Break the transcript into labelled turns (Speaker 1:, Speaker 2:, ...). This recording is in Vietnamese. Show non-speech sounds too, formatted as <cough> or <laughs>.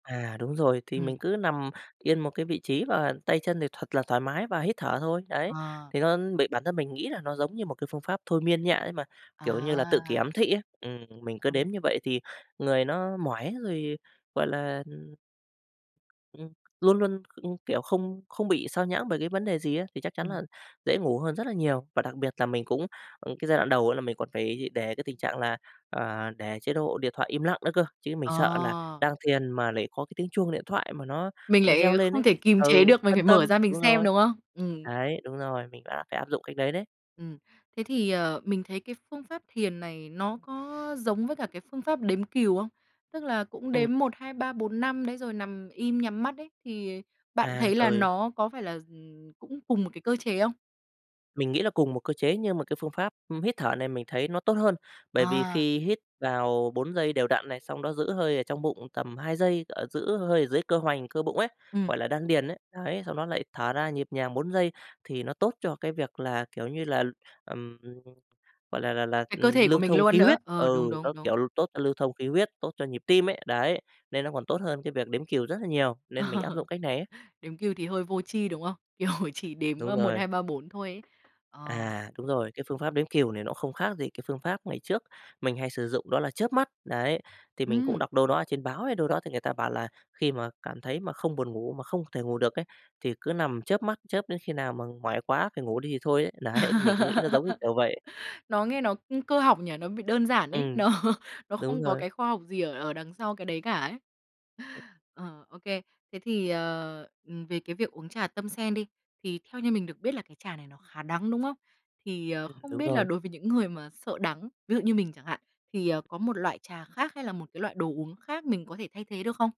Speaker 1: À, đúng rồi, thì
Speaker 2: Ừm.
Speaker 1: mình cứ nằm yên một cái vị trí và tay chân thì thật là thoải mái và hít thở thôi, đấy,
Speaker 2: Ờ
Speaker 1: thì hơn bị bản thân mình nghĩ là nó giống như một cái phương pháp thôi miên nhẹ ấy mà, kiểu như là, tự kỷ
Speaker 2: À!
Speaker 1: ám thị ấy, ừm, ừm, mình cứ
Speaker 2: Ừ.
Speaker 1: đếm như vậy thì người nó mỏi rồi, gọi là, ừm ừm, luôn luôn, ưm, kiểu, không không bị xao nhãng bởi cái vấn đề gì á thì chắc chắn
Speaker 2: Ừm.
Speaker 1: là dễ ngủ hơn rất là nhiều và đặc biệt là mình cũng, ừm, cái giai đoạn đầu là mình còn phải để cái tình trạng là, ờ, để chế độ điện thoại im lặng nữa cơ, chứ mình sợ là
Speaker 2: Ờ!
Speaker 1: đang thiền mà lại có cái tiếng chuông điện thoại mà nó,
Speaker 2: Mình
Speaker 1: ờ,
Speaker 2: lại
Speaker 1: reo lên
Speaker 2: không
Speaker 1: ấy,
Speaker 2: thể kìm chế
Speaker 1: ừ,
Speaker 2: được, mình phải
Speaker 1: phân
Speaker 2: mở ra
Speaker 1: tâm
Speaker 2: mình
Speaker 1: đúng
Speaker 2: xem,
Speaker 1: rồi,
Speaker 2: đúng không? Ừm.
Speaker 1: ấy, đúng rồi, mình phải áp phải áp dụng cách đấy đấy.
Speaker 2: Ừm. Thế thì, ờ, mình thấy cái phương pháp thiền này nó có giống với cả cái phương pháp đếm cừu không? Tức là cũng
Speaker 1: Ừm.
Speaker 2: đếm 1, 2, 3, 4, 5 đấy rồi nằm im, nhắm mắt đấy thì bạn
Speaker 1: À,
Speaker 2: thấy là
Speaker 1: rồi.
Speaker 2: nó có phải là, ừm, cũng cùng một cái cơ chế không?
Speaker 1: Mình nghĩ là cùng một cơ chế nhưng mà cái phương pháp, ưm, hít thở này mình thấy nó tốt hơn, bởi vì
Speaker 2: À!
Speaker 1: khi hít vào 4 giây đều đặn này xong nó giữ hơi ở trong bụng tầm 2 giây, ở giữ hơi ở dưới cơ hoành, cơ bụng ấy,
Speaker 2: Ừm.
Speaker 1: gọi là, đan điền ấy. Ấy, xong đó lại thở ra nhịp nhàng 4 giây thì nó tốt cho cái việc là, kiểu như là, ừm, gọi là là là,
Speaker 2: Cái cơ
Speaker 1: ừm,
Speaker 2: thể của
Speaker 1: lưu
Speaker 2: mình
Speaker 1: thông
Speaker 2: luôn
Speaker 1: khí
Speaker 2: nữa,
Speaker 1: huyết
Speaker 2: ờ,
Speaker 1: ừ,
Speaker 2: đúng, đúng,
Speaker 1: nó,
Speaker 2: đúng.
Speaker 1: kiểu, lưu tốt cho lưu thông khí huyết, tốt cho nhịp tim ấy, đấy, nên nó còn tốt hơn cái việc đếm cừu rất là nhiều nên mình áp dụng
Speaker 2: <laughs>
Speaker 1: cách này ấy.
Speaker 2: Đếm cừu thì hơi vô tri, đúng không? Kiểu chỉ đếm,
Speaker 1: Đúng
Speaker 2: ơ, một
Speaker 1: rồi.
Speaker 2: hai ba bốn thôi ấy, ờ.
Speaker 1: À, đúng rồi, cái phương pháp đếm cừu này nó không khác gì cái phương pháp ngày trước mình hay sử dụng đó là chớp mắt. Đấy, thì mình cũng
Speaker 2: Ừm.
Speaker 1: đọc đâu đó ở trên báo hay đâu đó thì người ta bảo là khi mà cảm thấy mà không buồn ngủ mà không thể ngủ được ấy, thì cứ nằm chớp mắt, chớp đến khi nào mà mỏi quá phải ngủ đi thì thôi ấy, đấy, mình cũng nghĩ ra giống như kiểu
Speaker 2: <laughs>
Speaker 1: vậy.
Speaker 2: Nó nghe nó, ưm, cơ học nhỉ? Nó bị đơn giản ấy,
Speaker 1: Ừm,
Speaker 2: nó nó
Speaker 1: đúng
Speaker 2: không có
Speaker 1: rồi.
Speaker 2: cái khoa học gì ở ở đằng sau cái đấy cả ấy. Ờ, ô kê. Thế thì, ờ, ừm, về cái việc uống trà tâm sen đi, thì theo như mình được biết là cái trà này nó khá đắng, đúng không? Thì, ờ,
Speaker 1: Ừm.
Speaker 2: không
Speaker 1: Đúng
Speaker 2: biết là
Speaker 1: rồi.
Speaker 2: đối với những người mà sợ đắng, ví dụ như mình chẳng hạn, thì, ờ, có một loại trà khác hay là một cái loại đồ uống khác mình có thể thay thế được không?